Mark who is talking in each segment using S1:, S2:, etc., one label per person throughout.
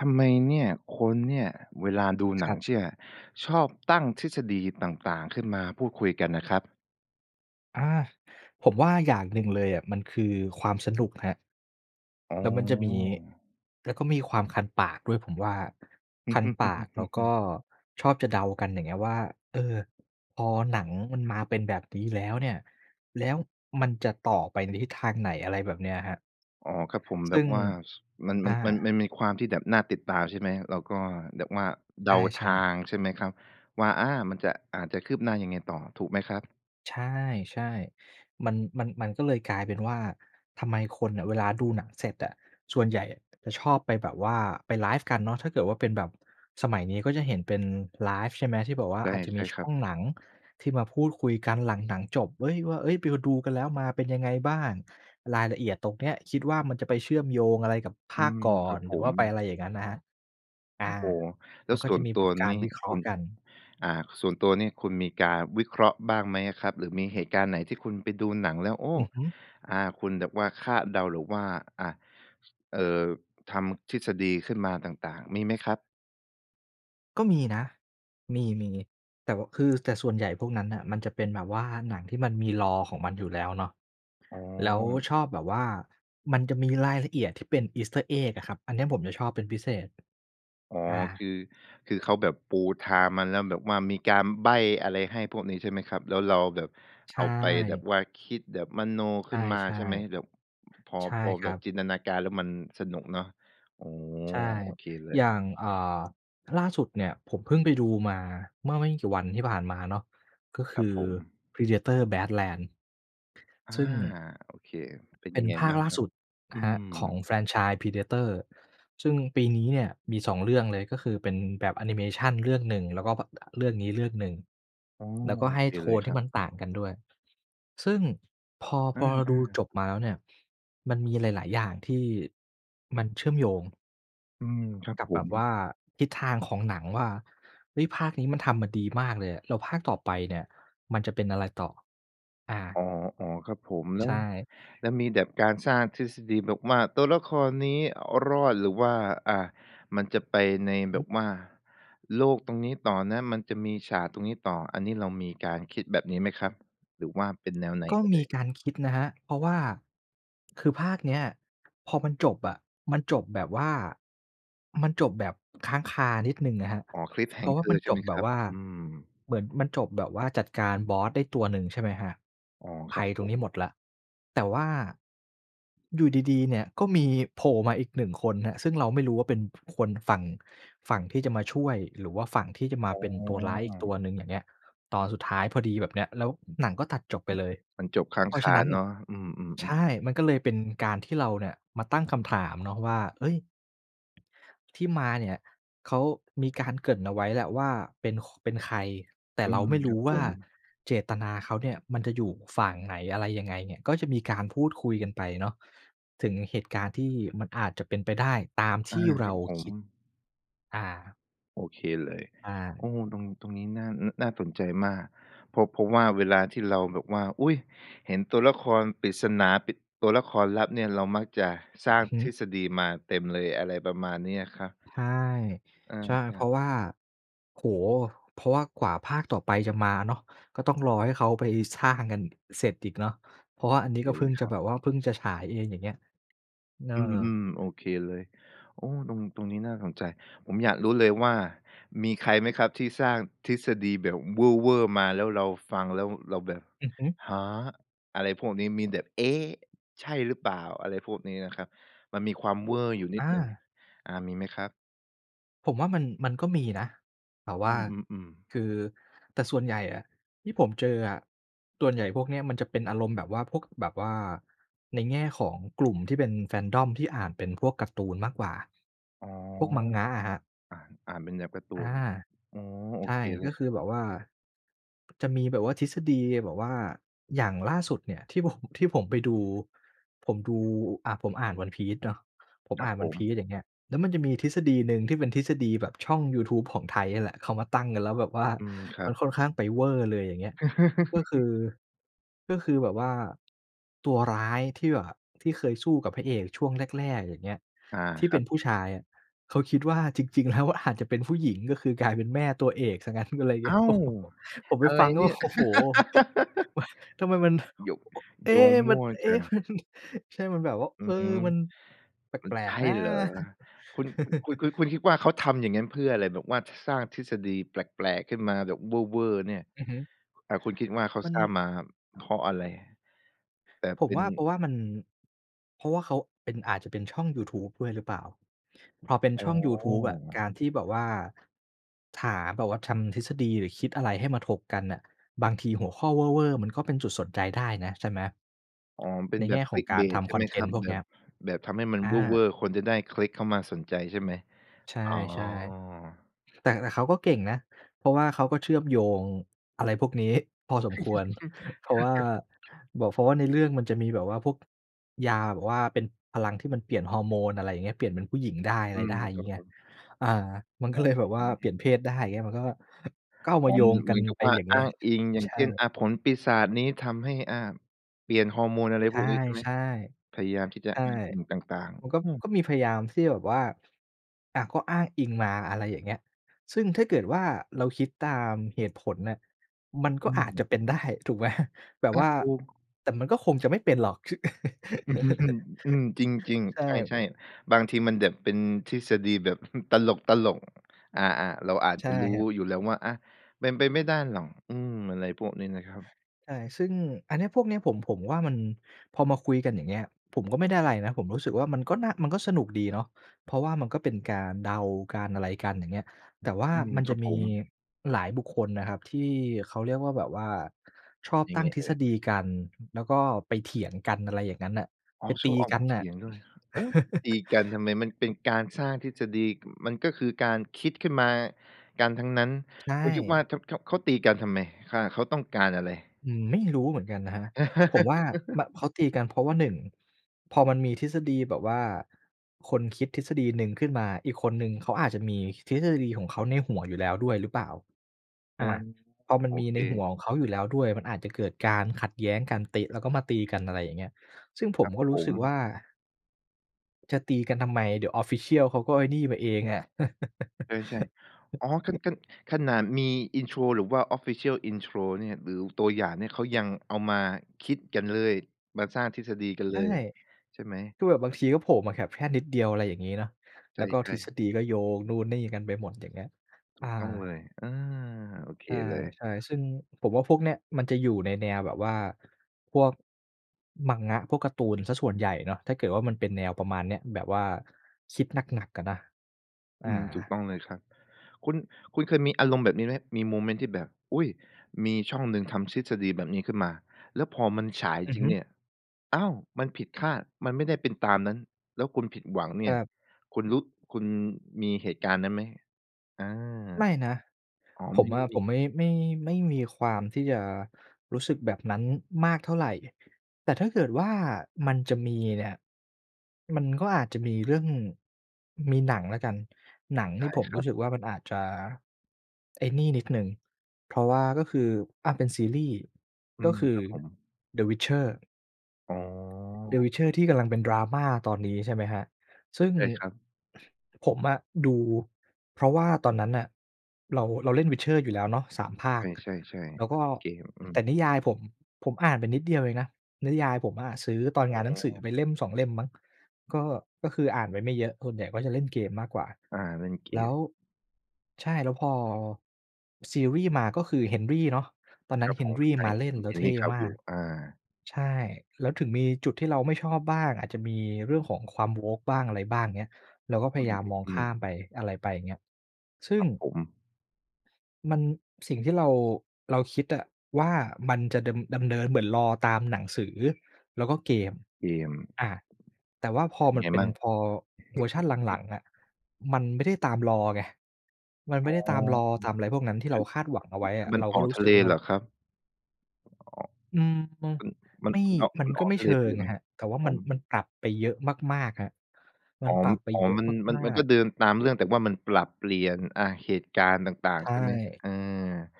S1: ทำไมเนี่ย คนเนี่ย เวลาดู
S2: ค
S1: หนั
S2: รั
S1: ง
S2: บ
S1: เชื่ออะ ชอบตั้งทฤษฎีต่าง ๆ ขึ้นมาพูดคุยกันน่ะครับ?
S2: อา ผมว่า อย่างหนึ่งเลยอะมันคือความสนุกครับ
S1: อ๋
S2: แล้วมันจะมี
S1: อ
S2: แล้วก็มีความคันปากด้วยผมว่า คันปากแล้วก็ชอบจะเดากัน อย่างเงี้ย ว่า เออ พอหนังมันมาเป็นแบบนี้แล้วเนี่ย แล้วมันจะต่อไปในทิศทางไหน? อะไรแบบเนี้ยครับ
S1: อ๋อ ครับผม แ
S2: ซ
S1: บ
S2: ึ่
S1: บ
S2: ง
S1: ว่า ซ มัน
S2: อ
S1: มัน มัน
S2: า
S1: มันมีความที่แบบน่าติดตามใช่ไหม? แล้วก็แบบว่าเ
S2: ใ
S1: ดาท
S2: ช่
S1: า
S2: ๆ
S1: งใช่ไหมครับว่า อา มันจะ อ่า จะคืบหน้ายังไงต่อ ถูกไหมครับ?
S2: ใช่ ๆ มัน มัน มันก็เลยกลายเป็นว่า ทำไมคนน่ะเวลาดูหนังเสร็จอะ ส่วนใหญ่จะชอบไป แบบว่าไปไลฟ์กันเนาะ ถ้าเกิดว่าเป็นแบบสมัยนี้ก็จะเห็นเป็นไลฟ์ ใช่ไหม ที่แบบว่า
S1: ใช่
S2: อาจจะ
S1: ใช
S2: ม
S1: ่
S2: ีช
S1: คร
S2: ่
S1: ั
S2: อ
S1: บ
S2: งหนังที่มาพูดคุยกันหลังหนังจบ เฮ้ย! ว่า เฮ้ย! ไปดูกันแล้วมาเป็นยังไงบ้าง? รายละเอียดตรงเนี้ยคิดว่า มันจะไปเชื่อมโยงอะไรกับภ
S1: อื
S2: าค
S1: ม
S2: ก่อ
S1: ครั
S2: น?
S1: บผ
S2: หรือว่
S1: ม
S2: าไปอะไรอย่างงั้นนะครับ อ
S1: โอ้
S2: า
S1: โฮ! แล้
S2: มั
S1: ว
S2: นก็
S1: ส่
S2: จ
S1: ว
S2: ะ
S1: น
S2: มี
S1: ต
S2: แบ
S1: ัว
S2: บกา
S1: น
S2: ร
S1: ี่
S2: วิเคร
S1: ค
S2: าะ
S1: ุ
S2: ห์
S1: ณ
S2: กัน
S1: อ่า ส่วนตัวนี่คุณมีการวิเคราะห์บ้างไหมอะครับ? หรือมีเหตุการณ์ไหนที่คุณไปดูหนังแล้ว โอ้!
S2: อือฮึ
S1: อา คุณแบบว่าคาดเดา หรือว่า อะ เอ่อ ทำทฤษฎีขึ้นมาต่าง ๆ มีไหมครับ?
S2: ก็มีนะ มี ๆ แต่ว่าคือ แต่ส่วนใหญ่พวกนั้นน่ะมันจะเป็นแบบว่าหนังที่มันมี lore ของมันอยู่แล้วเนาะ
S1: อ๋
S2: แล้ว
S1: อ
S2: ชอบแบบว่า มันจะมีรายละเอียดที่เป็น Easter egg อะครับ อันเนี้ยผมจะชอบเป็นพิเศษ
S1: อ๋อ
S2: อ
S1: ค
S2: า
S1: ือ คือเขาแบบปูทางมาแล้ว แบบว่ามีการใบ้อะไรให้พวกนี้ ใช่ไหมครับ แล้วเราแบบ
S2: ใช
S1: เอาไปแบบ
S2: ่
S1: ว่า คิดแบบมโน
S2: ใช
S1: ขึ้
S2: ่
S1: นมา ใช่ไหม แบบพอ
S2: ๆ ใช่
S1: พอ
S2: ค
S1: แบ
S2: รั
S1: บ
S2: บ
S1: จินตนาการ แล้วมันสนุกเนาะ อ๋อ
S2: ใช่
S1: โอเคเล
S2: อย่า
S1: ย
S2: ง อ่า ล่าสุดเนี่ย ผมเพิ่งไปดูมาเมื่อไม่กี่วันที่ผ่านมาเนาะ ก็ค
S1: ครั
S2: ื
S1: บ
S2: อ
S1: ผม
S2: Predator Badlands
S1: อา
S2: ซึ่ง
S1: โอเค เป็น
S2: เป็
S1: ยั
S2: น
S1: งไง
S2: ภา
S1: บ
S2: ค
S1: ้าง
S2: ล่า
S1: ครั
S2: ส
S1: บ?
S2: ุด
S1: อื
S2: ครับของ
S1: ม
S2: แฟรนไชส์ Predator ซึ่งปีนี้เนี่ย มี 2 เรื่องเลย ก็คือเป็นแบบแอนิเมชันเรื่องหนึ่ง แล้วก็ ภ เรื่องนี้เรื่องหนึ่ง
S1: อ๋อ
S2: แล้วก็
S1: โอ
S2: ให้
S1: เค
S2: โท
S1: เลย
S2: น
S1: ค
S2: ที
S1: ร
S2: ่
S1: ั
S2: มั
S1: บ
S2: นต่างกันด้วย ซึ่งพอ
S1: อ
S2: พอเรา
S1: า
S2: ดู
S1: ๆ
S2: จบมาแล้วเนี่ย มันมีหลาย ๆ อย่างที่มันเชื่อมโยง
S1: อืม ครับ
S2: กับ
S1: ผ
S2: แบ
S1: ม
S2: บว่า ทิศทางของหนังว่า เฮ้ย ภาคนี้มันทำมาดีมากเลยอะ แล้วภาคต่อไปเนี่ยมันจะเป็นอะไรต่อ อา
S1: อ๋อ ๆ ครับผม แล
S2: ใ
S1: ้
S2: ช
S1: ว
S2: ่
S1: แล้วมีแบบการสร้างทฤษฎีแบบว่า "ตัวละครนี้รอด หรือว่า อา มันจะไปในแ
S2: ฮ
S1: บ
S2: ึ
S1: บว่าโลกตรงนี้ต่อนะ มันจะมีฉากตรงนี้ต่อ" อันนี้เรามีการคิดแบบนี้ไหมครับ หรือว่าเป็นแนวไหน
S2: ก็
S1: เอ
S2: มี
S1: ่ย?
S2: การคิดนะครับ เพราะว่า คือภาคเนี้ยพอมันจบอะ มันจบแบบว่า มันจบแบบค้างคานิดหนึ่งนะครับ
S1: อ๋อ
S2: เพราะว่าม
S1: cliffhanger
S2: ัน
S1: ใช
S2: จ
S1: ่ไห
S2: บ
S1: ม
S2: แบ
S1: คร
S2: บ
S1: ับ?
S2: ว่า
S1: อืม
S2: เหมือนมันจบแบบว่า จัดการบอสได้ตัวหนึ่ง ใช่ไหมครับ
S1: อ๋อ
S2: ภ
S1: คร
S2: ั
S1: ับ
S2: ยต
S1: ผ
S2: รงน
S1: ม
S2: ี้หมดแล้ว แต่ว่า อยู่ดี ๆ เนี่ย ก็มีโผล่มาอีก 1 คนครับ ซึ่งเราไม่รู้ว่าเป็นคนฝั่ง ฝั่งที่จะมาช่วย หรือว่าฝั่งที่จะมา
S1: อ้
S2: เป็นตัวร้ายอีก
S1: อ
S2: ตัวหนึ่ง อย่างเงี้ย ตอนสุดท้ายพอดีแบบเนี้ย แล้วหนังก็ตัดจบไป
S1: อือ
S2: เลย
S1: มันจบค้า
S2: เ
S1: ง
S2: พรา
S1: ค
S2: ะฉะ
S1: า
S2: นั้นน
S1: เ
S2: ่
S1: น
S2: ะ
S1: าะ อืม
S2: ใช
S1: ๆ ๆ
S2: ่ มันก็เลยเป็นการที่เราเนี่ยมาตั้งคำถามเนาะว่า เฮ้ย ที่มาเนี่ย เขามีการเกริ่นเอาไว้แหละว่าเป็น ค เป็นใคร แต่
S1: อื
S2: เรา
S1: ม
S2: ไม่ร
S1: ครั
S2: ู้
S1: บ
S2: ว
S1: ผ
S2: ่า
S1: ม
S2: เจตนาเขาเนี่ยมันจะอยู่ฝั่งไหน อะไรยังไงเนี่ย ก็จะมีการพูดคุยกันไปเนาะ ถึงเหตุการณ์ที่มันอาจจะเป็นไปได้ตาม
S1: อ
S2: ท
S1: า
S2: ี่เ
S1: ค
S2: ร
S1: ร
S2: า
S1: ับผ
S2: คิด
S1: ม
S2: อา
S1: โอเคเลย
S2: อ
S1: โ
S2: า
S1: อ้ ตรง ตรงนี้น่า น่าสนใจมาก เพราะ เพราะว่าเวลาที่เราแบบว่า อุ๊ย เห็นตัวละครปริศนา ปริศ ตัวละครลับเนี่ยเรามักจะสร้า
S2: อ
S1: ง
S2: ือฮึ
S1: ทฤษฎีมาเต็มเลย อะไรประมาณนี้อะครับ
S2: ใช่
S1: อ
S2: ใช่ เพ
S1: า
S2: รา
S1: ๆ
S2: ะว่า โอ้โฮ เพราะว่ากว่าภาคต่อไปจะมาเนาะ ก็ต้องรอให้เขาไปสร้างกันเสร็จอีกเนาะ เพราะว่า
S1: โ
S2: อ
S1: อ
S2: ันนี
S1: เ
S2: ้
S1: ค
S2: ก็เพ
S1: เ
S2: ิ
S1: ล
S2: ่ง
S1: ย
S2: จ
S1: ค
S2: ะ
S1: รั
S2: แ
S1: บ
S2: บบว่าเพิ่งจะฉายเอง อย่างเงี้ย นะเอ
S1: อื
S2: อ
S1: ม ๆ โอเคเลย โอ้ ตรง ตรงนี้น่าสนใจ ผมอยากรู้เลยว่า มีใครไหมครับที่สร้างทฤษฎีแบบเวอร์ ๆ มา แล้วเราฟังแล้วเราแบบ
S2: อือฮึ
S1: "ฮะ?" อะไรพวกนี้มีแบบ "เอ๊ ใช่หรือเปล่า?" อะไรพวกนี้นะครับ มันมีความเวอร์อยู่นิ
S2: อ
S1: ดหนึ่ง
S2: า
S1: อา มีไหมครับ?
S2: ผมว่ามัน มันก็มีนะ แต่ว
S1: อ
S2: ่
S1: ื
S2: า
S1: อ ๆ ๆ
S2: คือ แต่ส่วนใหญ่อะ ที่ผมเจออะ ส่วนใหญ่พวกเนี้ยมันจะเป็นอารมณ์แบบว่า พวกแบบว่า ในแง่ของกลุ่มที่เป็นแฟนด้อม ที่อ่านเป็นพวกการ์ตูนมากกว่า
S1: อ๋อ
S2: พวก Manga อะครับ
S1: อ่าน อ่านเป็นแบบการ์ตู
S2: อา
S1: น อ๋อ โอ
S2: ใช่
S1: เคเล
S2: ก็
S1: ย
S2: ค
S1: ค
S2: ื
S1: รั
S2: อ
S1: บ
S2: แบบว่า จะมีแบบว่า ทฤษฎีแบบว่า อย่างล่าสุดเนี่ย ที่ผม ที่ผมไปดู ผมดู อ่า ผมอ่าน One Piece เนาะ ผม
S1: ครั
S2: อ่
S1: บ
S2: าน
S1: ผ
S2: One
S1: ม
S2: Piece อย่างเงี้ย แล้วมันจะมีทฤษฎีหนึ่งที่เป็นทฤษฎีแบบช่องยูทูบของไทยเนี่ยแหละ เขามาตั้งกันแล้วแบบว่า
S1: อืม ครั
S2: มั
S1: บ
S2: นค่อนข้างไปเวอร์เลย อย่างเงี้ย ก็คือ ก็คือแบบว่า ตัวร้ายที่แบบ ที่เคยสู้กับพระเอกช่วงแรก ๆ อย่างเงี้ย
S1: อา
S2: ที่
S1: ค
S2: เ
S1: ร
S2: ป
S1: ั
S2: ็
S1: บ
S2: นผู้ชายอะ เขาคิดว่าจริง ๆ แล้วอาจจะเป็นผู้หญิงก็คือ กลายเป็นแม่ตัวเอกเสียงั้น อะไรเง
S1: อ
S2: ี้
S1: ้
S2: ย
S1: าว!
S2: ผมไ
S1: อ
S2: ป
S1: ะไร
S2: ฟังแล้
S1: เน
S2: ว
S1: ี่ย
S2: โอ้โฮ ทำไมมัน
S1: โย
S2: โอะ เอ
S1: โ
S2: ๊
S1: ยง
S2: ะ
S1: ม
S2: มั
S1: ั
S2: น
S1: ่ว
S2: เอ
S1: จ
S2: ๊
S1: ั
S2: ะ
S1: ง
S2: มัน ใช่มันแบบว่า
S1: อื
S2: เออ
S1: ม
S2: มันแ
S1: มัน
S2: ปล
S1: ใช
S2: ก
S1: ่
S2: ๆ นะ
S1: เหรอ? คุณ คุณ คุณ คุณคิดว่าเขาทำอย่างนั้นเพื่ออะไร? แบบว่าสร้างทฤษฎีแปลก ๆ ขึ้นมาแบบเวอร์ ๆ เนี่ย
S2: อือฮึ
S1: อา คุณคิดว่าเขา
S2: มั
S1: ส
S2: น
S1: ร้างมาเพราะอะไร? แต่
S2: ผ
S1: เป
S2: ม
S1: ็
S2: ว
S1: น
S2: ่า เพราะว่ามัน เพราะว่าเขาเป็น อาจจะเป็นช่องยูทูบด้วยหรือเปล่า พอเป็น
S1: อ๋
S2: ช่
S1: อ
S2: องยูทูบอะ การที่แบบว่า หาแบบว่าทำทฤษฎี หรือคิดอะไรให้มาถกกันน่ะ บางทีหัวข้อเวอร์ ๆ มันก็เป็นจุดสนใจได้นะ ใช่ไหม?
S1: อ๋อ เป็
S2: ใน
S1: นแบ
S2: แง
S1: บ
S2: ่ของการท
S1: clickbait ใช
S2: ำ
S1: ่
S2: ค
S1: ไ
S2: อ
S1: หม
S2: นเท
S1: ค
S2: น
S1: รั
S2: ต
S1: บ?
S2: ์พวก
S1: แบ
S2: เนี้
S1: บ
S2: ย
S1: แบบทำให้มัน
S2: อ
S1: เว
S2: า
S1: อร์ ๆ คนจะได้คลิกเข้ามาสนใจใช่ไหม?
S2: ใช
S1: อ๋อ
S2: ่ ๆ แต่ แต่เขาก็เก่งนะ เพราะว่าเขาก็เชื่อมโยง อะไรพวกนี้พอสมควร เพราะว่า บอกเพราะว่าในเรื่องมันจะมีแบบว่าพวกยาแบบว่าเป็นพลังที่มันเปลี่ยนฮอร์โมน อะไรอย่างเงี้ย เปลี่ยนเป็นผู้หญิงได้ อะ
S1: อ
S2: ไ
S1: ื
S2: รได
S1: ม
S2: ้อย่
S1: ค
S2: าง
S1: ร
S2: ง
S1: ั
S2: ี้
S1: บ
S2: ไง
S1: ผม
S2: อา มัน ก็
S1: อ๋
S2: เลย แบบว่าเปลี่
S1: อ
S2: ยนเพศได้เงี้ย มันก็ ก็เอา
S1: อ
S2: ม
S1: ๋
S2: า
S1: อ
S2: โย
S1: เหม
S2: ง
S1: ือน
S2: ก
S1: เ
S2: ั
S1: หมื
S2: น
S1: อนกับ
S2: ไป
S1: ว่า
S2: อย่างเง
S1: อ
S2: ี
S1: ้
S2: ้
S1: า
S2: ย
S1: งอิง อย่
S2: ใ
S1: า
S2: ช
S1: ง
S2: ่
S1: เช่น อ่า ผลปีศาจนี้ทำให้ อ่า เปลี่ยนฮอร์โมน อะไร
S2: ใช
S1: พ
S2: ่
S1: วกนี้ ใช่ไหม?
S2: ๆ
S1: พยายามที่จะ
S2: ใช่
S1: อ้างอิงต่าง
S2: มันก็
S1: ๆ อือ
S2: ก็มีพยายามที่จะแบบว่า อะ ก็อ้างอิงมา อะไรอย่างเงี้ย ซึ่งถ้าเกิดว่าเราคิดตามเหตุผลน่ะ มันก
S1: อ
S2: ็
S1: ื
S2: อาจจะ
S1: ม
S2: เป็น ได้ ถูกไหม? แบ
S1: อ
S2: บ
S1: า
S2: ว่า
S1: ถูก
S2: แต่มันก็คงจะไม่เป็นหรอก ช
S1: อืม จริง
S2: ใช่
S1: ๆ ใช่ ๆ บางทีมันแบบเป็นทฤษฎีแบบตลก ๆ อา ๆ เราอาจ
S2: ใช
S1: จะ
S2: ่
S1: รู้
S2: ครับ
S1: อยู่แล้วว่า อะ เป็นไปไม่ได้หรอก อืม อะไรพวกนี้นะครับ
S2: ใช่ ซึ่งอันเนี้ย พวกเนี้ยผม ผมว่ามัน พอมาคุยกันอย่างเงี้ย ผมก็ไม่ได้อะไรนะ ผมรู้สึกว่ามันก็น่า มันก็สนุกดีเนาะ เพราะว่ามันก็เป็นการเดา การอะไรกันอย่างเงี้ย แต่ว่า
S1: อืม
S2: มัน
S1: ค
S2: จ
S1: ร
S2: ะ
S1: ับ
S2: มี
S1: ผม
S2: หลายบุคคลนะครับที่เขาเรียกว่า แบบว่าชอบ
S1: ยั
S2: ต
S1: ง
S2: ั
S1: ไ
S2: ้
S1: ง
S2: งทฤ
S1: เอ่
S2: ษ
S1: ย?
S2: ฎีกัน แล้วก็ไปเถียงกัน อะไรอย่างงั้นน่ะ
S1: อ๋
S2: ไ
S1: อ
S2: ป
S1: ช
S2: ต
S1: อ
S2: ี
S1: บออก
S2: ก
S1: ไ
S2: ั
S1: ป
S2: น
S1: เถ
S2: น่ะ
S1: ียงด้วย โอ๊ย ตีกันทำไม มันเป็นการสร้างทฤษฎี ก มันก็คือการคิดขึ้นมากันทั้งนั้น
S2: ใช
S1: คุณคิดว่า
S2: ่
S1: ข ข เขาตีกันทำไม อ่า เขาต้องการอะไร?
S2: อืม ไม่รู้เหมือนกันนะครับ ผมว่า แบบเขาตีกัน เพราะว่า 1 พอมันมีทฤษฎีแบบว่าคนคิดทฤษฎีหนึ่งขึ้นมา อีกคนหนึ่งเขาอาจจะมีทฤษฎีของเขาในหัวอยู่แล้วด้วยหรือเปล่า
S1: โอ
S2: อ
S1: ้
S2: า พอมั
S1: โ
S2: น
S1: อ
S2: มี
S1: เ
S2: ในหั
S1: ค
S2: วของเขาอยู่แล้วด้วย มันอาจจะเกิดการขัดแย้งกัน เตะ แล้วก็มาตีกัน อะไรอย่างเงี้ย ซึ่งผ
S1: ค
S2: ม
S1: รับ
S2: ก็ร
S1: ผ
S2: ู้สึก
S1: ม
S2: ว่า จะตีกันทำไม เดี๋ยว official เขาก็ไอ้นี่มาเองอะ
S1: เออ ใช่ อ๋อ คัน คัน ขนาดมี intro หรือว่า official intro เนี่ย หรือตัวอย่างเนี่ย เขายังเอามาคิดกันเลย มาสร้างทฤษฎีกันเ
S2: ใช
S1: ล
S2: ่
S1: ย ใช่ไหม?
S2: คือแบบบางทีก็โผล่มาแบบ แค่นิดเดียว อะไรอย่างงี้เนาะ
S1: ใ
S2: แล
S1: ช
S2: ้วก็ท
S1: ่
S2: ฤษ
S1: ๆ
S2: ฎีก็โยงนู่นนี่กันไปหมด อย่างเงี้ย
S1: ถ
S2: อ
S1: ู
S2: า
S1: กต้องเลย อา โอเค
S2: ใ
S1: เลย
S2: ช่ ๆ ซึ่งผมว่าพวกเนี้ยมันจะอยู่ในแนวแบบว่าพวก Manga พวกการ์ตูนเสียส่วนใหญ่เนาะ ถ้าเกิดว่ามันเป็นแนวประมาณนี้ แบบว่าคิดหนัก ๆ อะนะ อ
S1: อืม ถูก
S2: า
S1: ต้องเลยครับ คุณ คุณเคยมีอารมณ์แบบนี้ไหม? มีโมเมนต์ที่แบบ อุ๊ย! มีช่องหนึ่งทำทฤษฎีแบบนี้ขึ้นมา แล้วพอมันฉาย
S2: อื
S1: จ
S2: อ
S1: ริ
S2: ฮ
S1: ง
S2: ึ
S1: เนี่ย อ้าว! มันผิดคาด มันไม่ได้เป็นตามนั้น แล้วคุณผิดหวังเนี
S2: ค
S1: ่
S2: ร
S1: ย
S2: ับ
S1: คุณรู้ คุณมีเหตุการณ์นั้นไหม? อา
S2: ไม่นะ
S1: อ๋อ
S2: ผ
S1: ไม
S2: ม
S1: ่
S2: อะ
S1: ม
S2: ผ
S1: ี
S2: มไม่ ไม่ ไม่มีความที่จะรู้สึกแบบนั้นมากเท่าไร แต่ถ้าเกิดว่ามันจะมีเนี่ย มันก็อาจจะมีเรื่อง มีหนังแล้วกัน หนัง
S1: ไ
S2: ท
S1: ด
S2: ี่
S1: ้
S2: ผม
S1: ค
S2: ร
S1: ร
S2: ู
S1: ับ
S2: ้สึกว่ามันอาจจะ ไอ้นี่นิดหนึ่ง เพราะว่าก็คือ อะ เป็นซีรี่ส์
S1: อื
S2: ก็
S1: ม
S2: คื
S1: ค
S2: อ
S1: รับผม
S2: The Witcher
S1: อ๋อ
S2: The Witcher ที่กำลังเป็นดราม่าตอนนี้ ใช่ไหมครับ ซึ่ง
S1: ใช่ครับ
S2: ผมอะดู เพราะว่าตอนนั้นน่ะ เรา เราเล่น Witcher อยู่แล้วเนาะ 3 ภาค
S1: ใช่
S2: แ
S1: ๆ
S2: ล้วก็
S1: ๆ โอเคครับ อื
S2: แต่
S1: ม
S2: นิยายผม ผมอ่านไปนิดเดียวเองนะ นิยายผมอะซื้อตอน
S1: อ๋
S2: งานหนังสือ
S1: อ
S2: ไป 1-2 เล่มมั้ง ก็ ก็คืออ่านไปไม่เยอะ ส่วนใหญ่ก็จะเล่นเกมมากกว่า
S1: อา เล่นเก
S2: แล้
S1: ม
S2: ว ใช่ แล้วพอซีรี่ส์มา ก็คือเฮนรี่เนาะ ตอนนั
S1: ค
S2: ้
S1: ร
S2: น
S1: ับ
S2: เฮ
S1: ผ
S2: น
S1: ม
S2: รี่
S1: ใช่
S2: มาเล่นแล้วเท
S1: Henry
S2: ่มาก
S1: Cavill อา
S2: ใช่ แล้วถึงมีจุดที่เราไม่ชอบบ้าง อาจจะมีเรื่องของความ Woke บ้าง อะไรบ้างอย่างเงี้ย เราก็พ
S1: อ
S2: ย
S1: ื
S2: ายามมองข
S1: ม
S2: ้า
S1: ๆ ๆ
S2: มไป อะไรไป อย่างเงี้ย ซึ
S1: ค
S2: ่
S1: ร
S2: ง
S1: ับผม
S2: มัน สิ่งที่เรา เราคิดอะว่า มันจะดำ ดำเนินเหมือน lore ตามหนังสือแล้วก็เกม
S1: เกม
S2: อา แต่ว่าพ
S1: แล้วเป
S2: อ
S1: ็นยั
S2: ม
S1: ง
S2: ั
S1: ไ
S2: น
S1: ง
S2: เป็
S1: ม
S2: น
S1: ั่ง?
S2: พอเวอร์ชั่นหลัง ๆ อะ มันไม่ได้ตาม lore ไง มัน
S1: อ
S2: ไม
S1: ๋
S2: ่
S1: อ
S2: ได้ตาม lore
S1: ค
S2: ตามอะไรพวกนั้น ที่เราคาดหวังเอา
S1: ื
S2: ไว
S1: อ
S2: ้
S1: ค
S2: อ
S1: ือ
S2: ะ
S1: มัน
S2: เรา
S1: อ
S2: ก็
S1: อก
S2: รู้
S1: ทะ
S2: ส
S1: เ
S2: ึ
S1: ล
S2: กว่
S1: เ
S2: า
S1: หรอครับ? อ๋อ
S2: อืม อะ
S1: มั
S2: ไ
S1: น
S2: ม่
S1: มัน มันออก
S2: มั
S1: ม
S2: น
S1: ัน
S2: ก
S1: อ
S2: ็
S1: อ
S2: ไ
S1: ก
S2: ม่
S1: ทะ
S2: เช
S1: เล
S2: ิ
S1: ไปเ
S2: ง
S1: ลยไ
S2: น
S1: ห
S2: ะ
S1: ม?
S2: ครับ แต่ว่า
S1: ผ
S2: มัน
S1: ม
S2: มันปรับไปเยอะมาก ๆ ครับ มั
S1: อ๋
S2: น
S1: อ
S2: ปรับไป
S1: อ๋อ
S2: เยอะ
S1: มัน มัน
S2: มา
S1: มันก
S2: ก
S1: ็
S2: ๆ
S1: เดินตามเรื่องแต่ว่ามันปรับเปลี่ยน อะ เหตุการณ์ต่าง
S2: ใช
S1: ๆ ใ
S2: ่
S1: ช่ไหม? เออ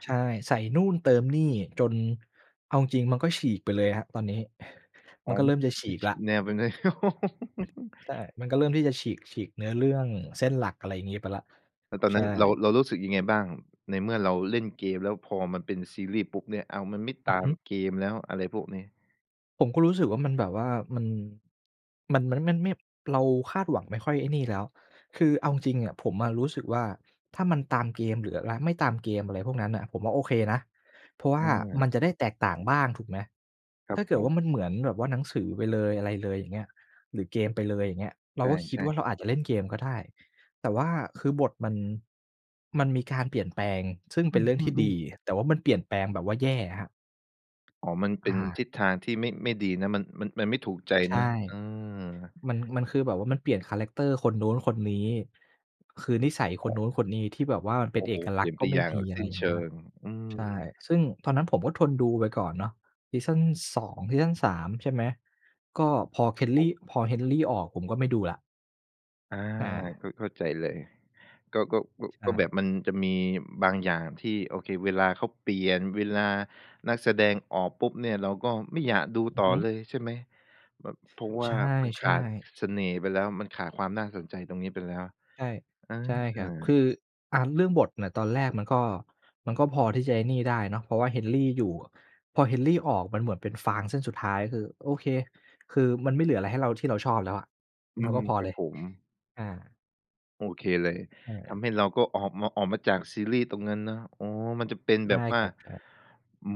S2: ใช่ ใส่นู่นเติมนี่จน เอาจริง ๆ มันก็ฉีกไปเลยครับ ตอนนี้
S1: อ
S2: มั
S1: ๋อ
S2: นก็เริ่มจะฉี
S1: มัน
S2: ก
S1: ฉ
S2: แล
S1: ี
S2: ้ว
S1: กแนวไปเลย
S2: ใช่ มันก็เริ่มที่จะฉีก ฉีกเนื้อเรื่องเส้นหลัก อะไรอย่างงี้ ไปแล้ว
S1: แล้วตอน
S2: ใช
S1: นั้
S2: ่
S1: นเรา เรารู้สึกยังไงบ้าง ในเมื่อเราเล่นเกมแล้ว พอมันเป็นซีรี่ส์ปุ๊บเนี่ย อ้าว มันไม่
S2: อื
S1: ต
S2: อ
S1: า
S2: ฮ
S1: ม
S2: ึ
S1: เกมแล้วอะไรพวกนี้?
S2: ผมก็รู้สึกว่ามันแบบว่ามัน มัน มันไม่ ไม่ เราคาดหวังไม่ค่อยไอ้นี่แล้ว คือเอาจริง ๆ อะ ผมอะรู้สึกว่า ถ้ามันตามเกมหรืออะไร ไม่ตามเกม อะไรพวกนั้นน่ะ ผมว่าโอเคนะ เพราะว่า
S1: อ
S2: ม
S1: า
S2: ันจะได้แตกต่างบ้างถูกไหม?
S1: ครั
S2: ถ้
S1: บ
S2: าเ
S1: ผ
S2: กิดว
S1: ม
S2: ่ามันเหมือนแบบว่าหนังสือไปเลย อะไรเลย อย่างเงี้ย หรือเกมไปเลย อย่างเงี้ย เรา
S1: ใ
S2: ก็คิด
S1: ช่
S2: ว่า
S1: ๆ
S2: เราอาจจะเล่นเกมก็ได้ แต่ว่าคือบทมัน มันมีการเปลี่ยนแปลง ซึ่ง
S1: อ
S2: เป
S1: ื
S2: ็นเรื่องที่ด
S1: ม
S2: ี
S1: ๆ ๆ
S2: แต่ว่ามันเปลี่ยนแปลงแบบว่าแย่อะครับ
S1: อ๋อ มันเป
S2: อ
S1: ็
S2: ะ
S1: น
S2: ฮ
S1: ทิ
S2: ะ
S1: ศทางที่ไม่ ไม่ดีนะ มัน มัน มันไม่ถูกใจ
S2: ใช
S1: เนาะ
S2: ่
S1: เออ
S2: มัน มันคือแบบว่ามันเปลี่ยนคาแรกเตอร์คนนู้นคนนี้ คือนิสัย
S1: อ
S2: ค
S1: ๋
S2: นน
S1: อ
S2: ู้นคนนี้ที่แบบว่ามันเป็
S1: โอ
S2: น
S1: ้
S2: เ
S1: โ
S2: อ
S1: ฮ!
S2: ก
S1: เ
S2: ล
S1: ปล
S2: ั
S1: ี
S2: ก
S1: ่
S2: ษ
S1: ย
S2: ณ
S1: น
S2: ์
S1: ไ
S2: ก
S1: ป
S2: ็ไม
S1: อ
S2: ่
S1: ย่าง
S2: มี อ
S1: ส
S2: ะไ
S1: ิ
S2: ร
S1: ้น
S2: อย่า
S1: เ
S2: ง
S1: ช
S2: นั้
S1: ิ
S2: นน่ะ
S1: ง อื
S2: ใช่
S1: ม
S2: ซึ่งตอนนั้นผมก็ทนดูไปก่อนเนาะ ซีซัน 2 ซีซัน 3 ใช่ไหม ก็พอ
S1: ครับผ
S2: Kelly
S1: ม
S2: พอ Henry ออก ผมก็ไม่ดูแล้ว
S1: อา
S2: อา
S1: ก็เข้าใจเลย ก็ ก็ ก็
S2: ใช
S1: ก็แบ
S2: ่
S1: บมันจะมีบางอย่างที่ โอเค เวลาเขาเปลี่ยน เวลานักแสดงออกปุ๊บเนี่ย เราก็ไม่อยากดู
S2: อื
S1: ต
S2: อ
S1: ่อ
S2: ฮึ
S1: เลย ใช่ไหม? แบบ เพราะว
S2: ใ
S1: ่
S2: ช
S1: ามันข
S2: ่
S1: าด
S2: ๆ
S1: ส เสน่ห์ไปแล้ว มันขาดความน่าสนใจตรงนี้ไปแล้ว
S2: ใช่
S1: อ
S2: ใช่ครับ คื
S1: า
S2: อ อะ เรื่องบทเนี่ย ตอนแรกมันก็ มันก็พอที่จะไอ้นี่ได้เนาะ เพราะว่า Henry อยู่อะ พอ Henry ออกมันเหมือนเป็นฟางเส้นสุดท้าย คือ โอเค คือมันไม่เหลืออะไรให้เรา ที่เราชอบแล้วอะ
S1: อื
S2: เรา
S1: ม
S2: ก็พอ
S1: คร
S2: เ
S1: ั
S2: ล
S1: บ
S2: ย
S1: ผม
S2: อา
S1: โอเคเลย
S2: ใช
S1: ท
S2: ่
S1: ำให้เราก็ออกมา ออกมาจากซีรีส์ตรงนั้นเนาะ อ๋อ มันจะเป็น
S2: ใ
S1: แ
S2: ช
S1: บ
S2: ่
S1: บว่
S2: ค
S1: า
S2: รับ ใช่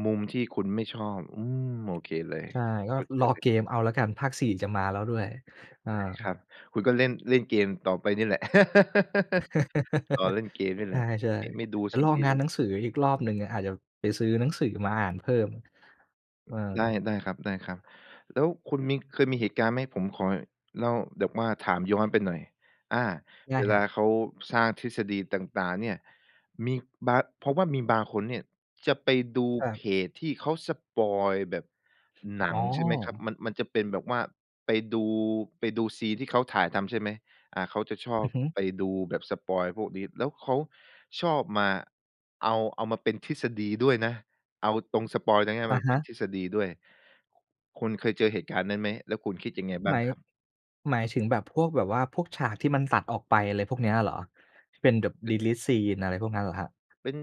S1: มุมที่คุณไม่ชอบ อืม โอเคเลย
S2: ใช่ ก็
S1: เข้าใจ
S2: รอ
S1: เลย
S2: เกมเอาแล้วกัน ภาค 4 จะมาแล้วด้วย อ
S1: ใ
S2: า
S1: ช่ครับ คุณก็เล่น เล่นเกมต่อไปเนี่ยแหละ รอเล่นเกมนี่
S2: ใ
S1: แห
S2: ช
S1: ละ
S2: ่
S1: ม ไม่ดู
S2: ๆ เดี๋ย
S1: ซ
S2: ว
S1: ี
S2: รอ
S1: รีส์
S2: ง
S1: แ
S2: า
S1: ล
S2: น
S1: ้ว
S2: หนังสืออีกรอบหนึ่งอะ อาจจะไปซื้อหนังสือมาอ่านเพิ่ม เออ
S1: ได้ ได้ครับ ๆ แล้วคุณมี เคยมีเหตุการณ์ไหม? ผมขอเล่า แบบว่าถามย้อนไปหน่อย อา
S2: ได
S1: เ
S2: ้
S1: ว
S2: ค
S1: ล
S2: รั
S1: า
S2: บ
S1: เขาสร้างทฤษฎีต่าง ๆ เนี่ย มีบาง เพราะว่ามีบางคนเนี่ยจะไปดู
S2: ครั
S1: เพ
S2: บ
S1: จที่เขาสปอยล์แบบหน
S2: อ
S1: ั
S2: ๋
S1: ง
S2: อ
S1: ใช่ไหมครับ มัน มันจะเป็นแบบว่าไปดู ไปดูซีนที่เขาถ่ายทำ ใช่ไหม อ่า เขาจะชอ
S2: อ
S1: บ
S2: ือฮึ
S1: ไปดูแบบสปอยล์พวกนี้ แล้วเขาชอบมาเอา เอามาเป็นทฤษฎีด้วยนะ เอาตรงสปอยล์ตรงเนี้ย
S2: อ
S1: ม
S2: ะ
S1: า
S2: ฮ
S1: เป็น
S2: ะ
S1: ทฤษฎีด้วย คุณเคยเจอเหตุการณ์นั้นไหม? แล้วคุณคิดยังไงบ้
S2: ห
S1: า
S2: ม
S1: ง
S2: าย
S1: ครับ?
S2: หมายถึงแบบพวกแบบว่าพวกฉากที่มันตัดออกไป อะไรพวกเนี้ยเหรอ? เป็นแบบ
S1: อือฮึ
S2: deleted scene อะไรพวกนั้นเหรอครับ?
S1: เป็น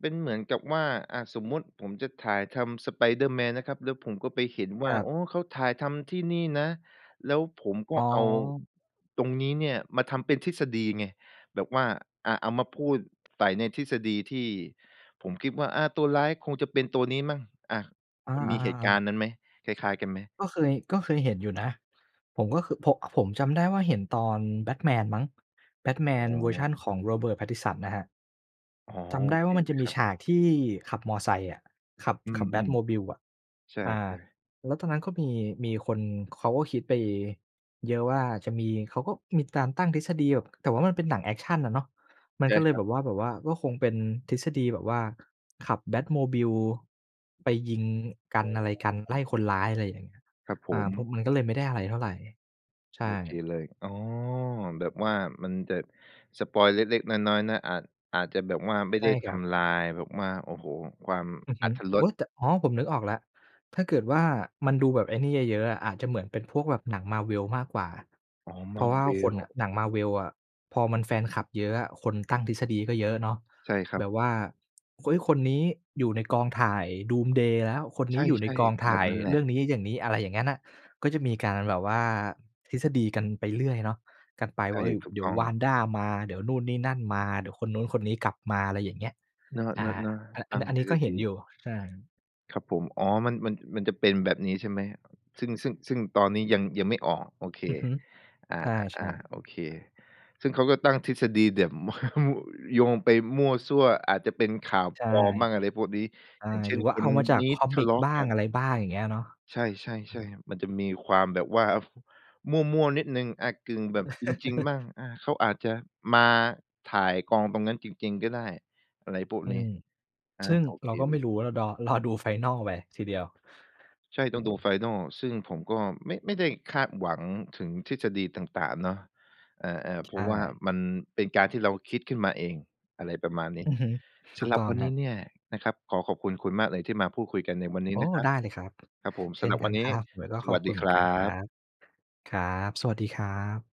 S1: เป็นเหมือนกับว่า อ่า สมมุติผมจะถ่ายทำ Spider-Man นะครับ แล้วผมก็ไปเห็นว
S2: ค
S1: ่า
S2: รับ
S1: อ๋อ! เขาถ่ายทำที่นี่นะ แล้วผมก
S2: อ
S1: ็
S2: ๋อ
S1: เอาตรงนี้เนี่ยมาทำเป็นทฤษฎีไง แบบว่า อ่า เอามาพูดใส่ในทฤษฎีที่ผมคิดว่า อ่า ตัวร้ายคงจะเป็นตัวนี้มั้ง อ่า
S2: อ
S1: ค
S2: า
S1: ุณมีเหตุกา
S2: ๆ ๆ
S1: รณ์นั้นไหม? คล้าย ๆ กันไหม?
S2: ก็เคย ก็เคยเห็นอยู่นะ ผมก็คือโพะ ผมจำได้ว่าเห็นตอน Batman มั้ง
S1: อ๋
S2: Batman เวอร์ชั
S1: อ
S2: นของ Robert Pattinson นะครับ
S1: อ๋อ
S2: จำ
S1: โ
S2: ได
S1: อ
S2: ้
S1: เ
S2: ว
S1: ค
S2: ่ามัน
S1: เ
S2: จ
S1: ล
S2: ะ
S1: ย
S2: ม
S1: ค
S2: ี
S1: รับ
S2: ฉากที่ขับมอไซค์อะ ขับ
S1: อื
S2: ขับ
S1: ม
S2: Batmobile อะ
S1: ๆ ใช่
S2: อา
S1: ๆ
S2: แล้วตอนนั้นก็มี มีคนเขาก็คิดไปเยอะว่าจะมี เขาก็มีการตั้งทฤษฎีแบบ แต่ว่ามันเป็นหนังแอกชันอะเนาะ มัน
S1: ใช
S2: ก
S1: ่
S2: ็เล
S1: ค
S2: ย
S1: รั
S2: แบ
S1: บ
S2: บว่า แบบว่าก็คงเป็นทฤษฎีแบบว่า ขับ Batmobile ไปยิงกั
S1: อ
S2: น
S1: ๋
S2: อะไรกัน ไล่ค
S1: อ
S2: นร้าย อะไรอย่างเงี้ย
S1: ครับผ
S2: อา
S1: ม
S2: พบ มันก็เลยไม่ได้อะไรเท่าไร ใช
S1: โอ
S2: ่
S1: เคเลย อ๋อ แบบว่ามันจะสปอยล์เล็ก ๆ น้อย ๆ นะ อาจ อาจจะแบบว่าไม่
S2: ใช
S1: ได
S2: ่
S1: ้ท
S2: ครับ
S1: ำลาย แบบว่า โอ้โฮ! ความ
S2: อือฮ
S1: อร
S2: ึ
S1: รถร
S2: โอ
S1: ส
S2: ๊ย! แต่ อ๋อ ผมนึกออกแล้ว ถ้าเกิดว่ามันดูแบบไอ้นี่เยอะ ๆ อะ อาจจะเหมือนเป็นพวกแบบหนัง Marvel มากกว่า
S1: อ๋อ
S2: เพราะว่าคน
S1: Marvel
S2: น่ะ หนัง Marvel อะ พอมันแฟนคลับเยอะอะ คนตั้งทฤษฎีก็เยอะเนาะ
S1: ใช่ครั
S2: แ
S1: บ
S2: บบว่า อุ๊ย! คนนี้อยู่ในกองถ่าย Doomsday แล้ว คน
S1: ใช
S2: นี้อยู่ใน
S1: ่
S2: กองถ
S1: ๆ แบ
S2: ่า
S1: บ
S2: ย
S1: นั้นแหล
S2: เร
S1: ะ
S2: ื่องนี้ อย่างนี้ อะไรอย่างเงี้ยน่ะ ก็จะมีการแบบว่าทฤษฎีกันไปเรื่อยเนาะ กันไป
S1: ใช
S2: ว
S1: ่
S2: ่า เฮ้ย!
S1: ถูก
S2: เดี๋
S1: ต
S2: ย
S1: ้
S2: ว
S1: อง
S2: Wanda มา เดี๋ยวนู่น นี่ นั่น มา เดี๋ยวคนนู้น คนนี้กลับมา อะไรอย่างเงี้ย
S1: เนา
S2: อา
S1: ะ ๆ
S2: อะ
S1: ๆ ต
S2: อัน
S1: า
S2: นี
S1: ม
S2: ้ อัน
S1: ท
S2: นี้
S1: ฤ
S2: ก
S1: ษ
S2: ็เห
S1: ฎ
S2: ็นอ
S1: ี
S2: ยู่ ใช่
S1: ครับผม อ๋อ มัน มัน มันจะเป็นแบบนี้ใช่ไหม? ซึ่ง ซึ่ง ซึ่งตอนนี้ยัง ยังไม่ออก โอเค
S2: อือฮึ
S1: อา
S2: ใช่
S1: ๆ
S2: ๆ
S1: ๆ โอเค ซึ่งเขาก็ตั้งทฤษฎีแบบ โยงไปมั่วซั่ว อาจจะเป็นข่าว
S2: ใช่
S1: ปลอมมั่ง อะไรพวกนี้
S2: ใช่
S1: อย่างเช่
S2: หรื
S1: น
S2: อว่
S1: ค
S2: าเอ
S1: น
S2: ามาจา
S1: น
S2: ก
S1: ี้
S2: คอ
S1: ท
S2: ม
S1: ะ
S2: ิ
S1: เล
S2: ก
S1: าะ
S2: บ้า
S1: กั
S2: ง
S1: น
S2: อะไรบ้าง อย่างเงี้ยเนาะ
S1: ใช่ ๆ ๆ มันจะมีความแบบว่า มั่ว ๆ นิดหนึ่ง อ่า กึ่งแบบจริง ๆ บ้าง อา เขาอาจจะมาถ่ายกองตรงนั้นจริง ๆ ก็ได้ อะไรพวก
S2: อื
S1: นี้
S2: ม
S1: อา
S2: ซึ่ง
S1: โอเค
S2: เราก็
S1: เล
S2: ไม่
S1: ย
S2: รู้ว่าเราดอ รอดู final ไปทีเดียว
S1: ใช่ ต้องดู final ซึ่งผมก็ไม่ ไม่ได้คาดหวังถึงทฤษฎีต่าง ๆ เนาะ เออ ๆ เ
S2: ใ
S1: พ
S2: ช
S1: ราะว่า
S2: ่
S1: มันเป็นการที่เราคิดขึ้นมาเอง อะไรประมาณนี้
S2: อือฮึ
S1: ส
S2: ถู
S1: ำ
S2: ก
S1: หรั
S2: ต
S1: บ
S2: ้อง
S1: วัน
S2: ค
S1: นี
S2: รั
S1: ้
S2: บ
S1: เนี่ยนะครับ ขอขอบคุณคุณมากเลย ที่มาพูดคุยกันในวันนี้
S2: โอ้!
S1: นะครั
S2: ไ
S1: บ
S2: ด้เลยครับ
S1: ครับผม
S2: เช
S1: ส
S2: ่
S1: ำ
S2: น
S1: หรับ
S2: ก
S1: ว
S2: ั
S1: ัน
S2: น
S1: นี
S2: ค
S1: ้
S2: รับ แล้วก็
S1: ส
S2: ขอ
S1: ว
S2: บ
S1: ัส
S2: ค
S1: ด
S2: ุ
S1: ี
S2: ณเห
S1: ค
S2: มือน
S1: รั
S2: กันครั
S1: บ
S2: บ ครับ สวัสดีครับ